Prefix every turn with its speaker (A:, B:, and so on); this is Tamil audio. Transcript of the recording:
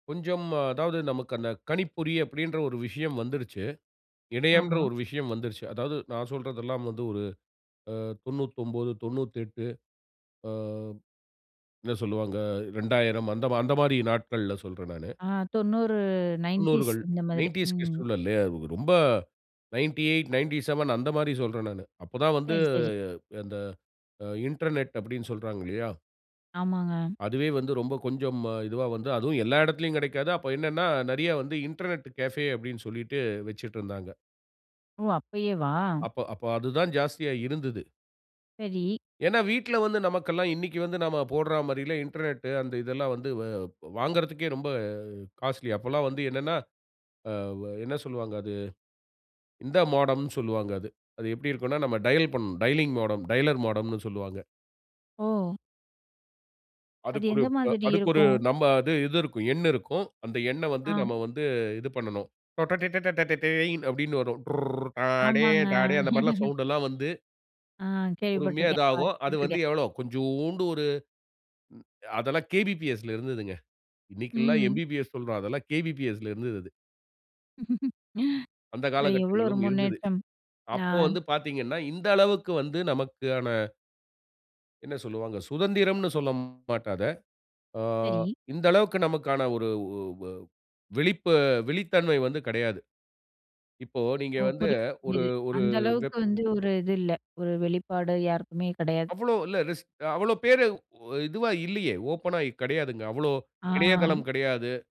A: கொஞ்சம். அதாவது, நமக்கு அந்த கணிப்பொறி, அப்படின்ற ஒரு விஷயம் வந்துடுச்சு. இணையம்ன்ற
B: ஆமா.
A: ஒரு விஷயம் வந்துடுச்சு. அதாவது, நான் சொல்றதெல்லாம் வந்து, ஒரு அ 99, 98. அ என்ன சொல்லுவாங்க. 2000 அந்த அந்த மாரி நாட்கள்ல சொல்றேன், நானு.
B: ஆ, 90.
A: 90
B: நைன்டீஸ்,
A: கள்.
B: இந்த மாதிரி.
A: 90 கிட்ஸ்
B: ம்.
A: ல இல்லயா. ரொம்ப 98, 97 அந்த மாரி சொல்றேன் நானு. அப்பதான் வந்து,
B: சேரி. சேரி.
A: அந்த இன்டர்நெட் அப்படினு சொல்றாங்கலையா.
B: ஆமாங்க.
A: அதுவே வந்து, ரொம்ப கொஞ்சம் இதுவா வந்து, அதுவும் எல்லா இடத்திலயும் கெடைக்காது. அப்ப என்னனா, நெறயா வந்து இன்டர்நெட் கெஃபே, அப்படினு சொல்லிட்டு வச்சுட்ருந்தாங்க.
B: ஓ. அப்பயேவா?
A: அப்ப அப்ப, அதுதான் ஜாஸ்தியா இருந்தது.
B: சரி.
A: ஏனா, வீட்ல வந்து நமக்கெல்லாம் இன்னைக்கு வந்து, நாம போடுறா மாதிரிலா, இன்டர்நெட் அந்த இதெல்லாம் வந்து, வ், வாங்குறதற்கே ரொம்ப காஸ்ட்லி. அப்பலாம் வந்து என்னனா ஆ, என்ன சொல்வாங்க அது, இந்த மோடம்னு சொல்வாங்க அது. அது எப்படி இருக்குனா, நாம டயல் பண்ணனும். டயலிங் மோடம், டயலர் மோடம்னு சொல்வாங்க.
B: ஓ. அது
A: அதுக்கொரு
B: எந்த
A: ப்
B: மாதிரி
A: அதுக்கு ஒரு
B: இருக்கும்?
A: நம்ம அது இது இருக்கும். எண் இருக்கும். அந்த எண்ண வந்து,
B: ஆ.
A: நம்ம வந்து இது பண்ணனும். டொடொடேடடடேய் அப்படினு வரும். டுர்ர், அ, டே,
B: ஆமாங்க.
A: டாடே, அந்த மாரி சௌண்டெல்லாம் வந்து.
B: ஆ,
A: பொறுமையா இது
B: கேள்விப்பட்டுருக்கேன்.
A: ஆகும். அது வந்து
B: பாத்துட்டுருக்கேன்.
A: எவ்ளோ, கொஞ்சோண்டு ஒரு அதெல்லாம் கேபிபிஎஸ்ல இருந்ததுங்க. இன்னைக்குலா
B: ம்.
A: எம்பிபிஎஸ் சொல்றோம். அதெல்லாம் கேபிபிஎஸ்ல இருந்தது அது. அந்த
B: அது எவ்வளோ ஒரு
A: காலகட்டங்களும் இருந்தது.
B: முன்னேற்றம். ஆ.
A: அப்போ வந்து பாத்தீங்கனா, இந்த அளவுக்கு வந்து நமக்கான என்ன சொல்லுவாங்க. சுதந்திரம்னு சொல்லமாட்ட அத. ஆ
B: சரி.
A: இந்த அளவுக்கு நமக்கான ஒரு ஒ ஒ விழிப்பு விழித்தன்மை வந்து கெடையாது. இப்போ நீங்க
B: ஓ,
A: வந்து,
B: புரியுது,
A: ஒரு,
B: புரியுது.
A: ஒரு
B: அந்த அளவுக்கு
A: வெப்.
B: வந்து, ஒரு இது இல்ல. ஒரு வெளிப்பாடு யாருக்குமே கெடையாது.
A: அவ்வளோ, இல்ல ரிஸ்க். அவ்வளோ பேர், இதுவா இல்லையே. ஓப்பன்னா கிடையாதுங்க. அவ்ளோ
B: ஆ.
A: இணையதளம் கெடையாது.